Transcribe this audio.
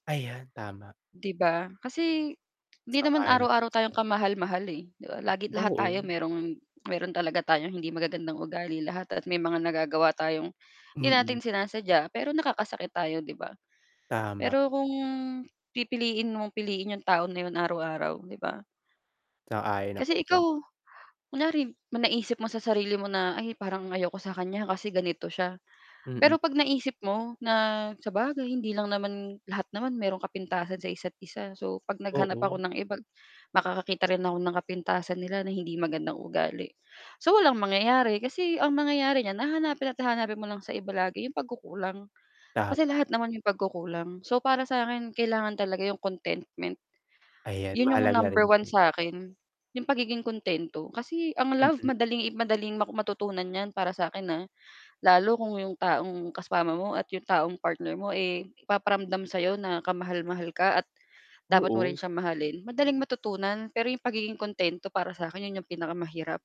Ayan tama. 'Di ba? Kasi hindi naman Sang-ayon ako araw-araw tayong d'yan. kamahal-mahal eh, 'di ba, lagi lahat tayo Oo. merong meron talaga tayong hindi magagandang ugali lahat at may mga nagagawa tayong hindi Mm. natin sinasadya, pero nakakasakit tayo 'di ba. Tama. Pero kung pipiliin mong piliin yung tao na yun araw-araw, 'di ba? Sang-ayon ako Kasi diyan. ikaw kunyari naisip mo sa sarili mo na, "Ay parang ayoko sa kanya kasi ganito siya." Mm. Pero 'pag naisip mo na, "Sabagay hindi lang naman lahat naman merong kapintasan sa isa't-isa so, 'pag naghanap ako Oo. ng iba makakakita rin ako ng kapintasan nila na hindi magandang ugali." So, walang mangyayari kasi ang mangyayari niyan, hahanapin at hahanapin mo lang sa iba lagi 'yong pagkukulang, kasi lahat naman 'yong pagkukulang so para sa akin, kailangan talaga 'yong contentment. Ayan, 'Yon yung mahalaga rin number 1 'yan. sa akin, 'yong pagiging kuntento kasi ang love Mm. madaling i madaling matutunan niyan para sa akin, ah, lalo kung 'yong taong kasama mo at 'yong taong partner mo, eh, ipaparamdam sa 'yo na kamahal-mahal ka at dapat mo rin Oo. siyang mahalin, madaling matutunan pero 'yong pagiging kuntento para sa akin 'yon 'yong pinakamahirap.